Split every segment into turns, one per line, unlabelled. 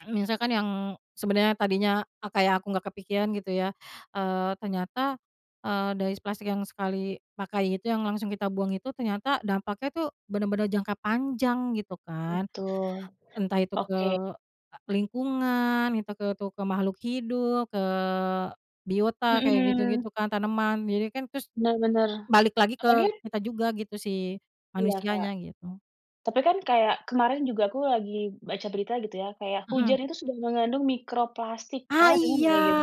Misalkan yang sebenarnya tadinya kayak aku nggak kepikiran gitu ya, eee, ternyata, eee, dari plastik yang sekali pakai itu, yang langsung kita buang itu, ternyata dampaknya tuh, benar-benar jangka panjang, gitu kan.
Betul.
Entah itu ke
Oke.
lingkungan, itu ke itu makhluk hidup, ke biota kayak
Hmm.
gitu-gitu kan, tanaman, jadi kan terus,
Benr bener.
balik lagi
Apalagi
ke kita juga gitu si
Iya Kak.
manusianya gitu.
Tapi kan kayak, kemarin juga aku lagi baca berita gitu ya, kayak
Hmm.
hujan itu sudah mengandung mikroplastik,
Ah
Kakak dengar
iya,
nggak gitu.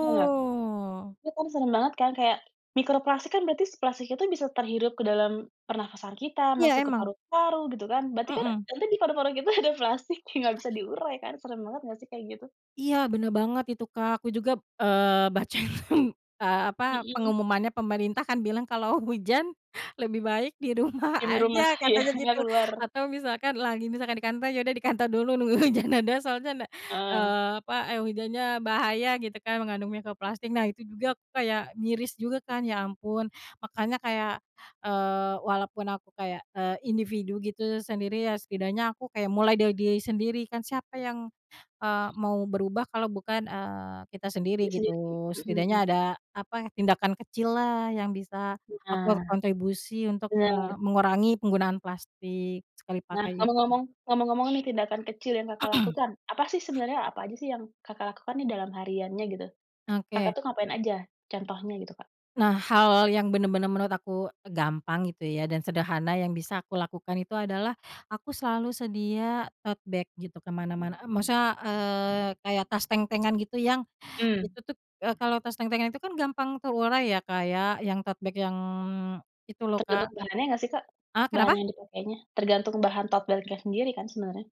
Dengar? Iya kan serem banget kan kayak, mikroplastik kan berarti plastik itu bisa terhirup ke dalam pernafasan kita,
Iya
masuk ke
emang.
paru-paru, gitu kan. Berarti kan
Hmm.
nanti di paru-paru kita ada plastik, nggak bisa diurai kan serem banget nggak sih kayak gitu?
Iya benar banget itu Kak, aku juga, eee, baca, hmm, eee, apa
Hmm.
pengumumannya pemerintah kan bilang kalau hujan, lebih baik di rumah
Diem di rumah,
aja,
iya,
katanya
nggak
gitu.
keluar.
Atau misalkan lagi misalkan di kantor, ya udah dikantor dulu nunggu hujan reda, soalnya ndak
Heeh.
eee, apa, e hujannya bahaya gitu kan, mengandung mikroplastik. Nah itu juga, aku kayak miris juga kan, ya ampun, makanya kayak, eee, walaupun aku kayak, eee, individu gitu, sendiri ya setidaknya aku kayak mulai dari diri sendiri, kan siapa yang, eee, mau berubah kalau bukan, eee, kita sendiri
Diri
gitu.
sendiri, hmm
Setidaknya
hmm.
ada, apa, tindakan kecil lah yang bisa
Nih,
aku
ah
kontribusi untuk,
benar.
eee, mengurangi penggunaan plastik, sekali
Nah,
pakai itu.
ngomong-ngomong ngomong-ngomong nih tindakan kecil yang Kakak lakukan, apa sih sebenarnya apa aja sih yang Kakak lakukan nih dalam hariannya gitu, Kakak
Oke.
tuh ngapain aja, contohnya gitu Kak?
Nah hal yang benar-benar menurut aku gampang gitu ya, dan sederhana yang bisa aku lakukan itu adalah, aku selalu sedia tote bag gitu, ke mana-mana, maksudnya, eee, kayak tas tentengan gitu yang,
Mmm.
itu kalau tas tentengan itu kan gampang terurai ya Kak ya, yang tote bag yang itu loh
Tergantung
Kak
bahannya nggak sih Kak?
heeh,
Bahan
kenapa?
yang dipakainya tergantung bahan tote bag-nya sendiri kan sebenarnya?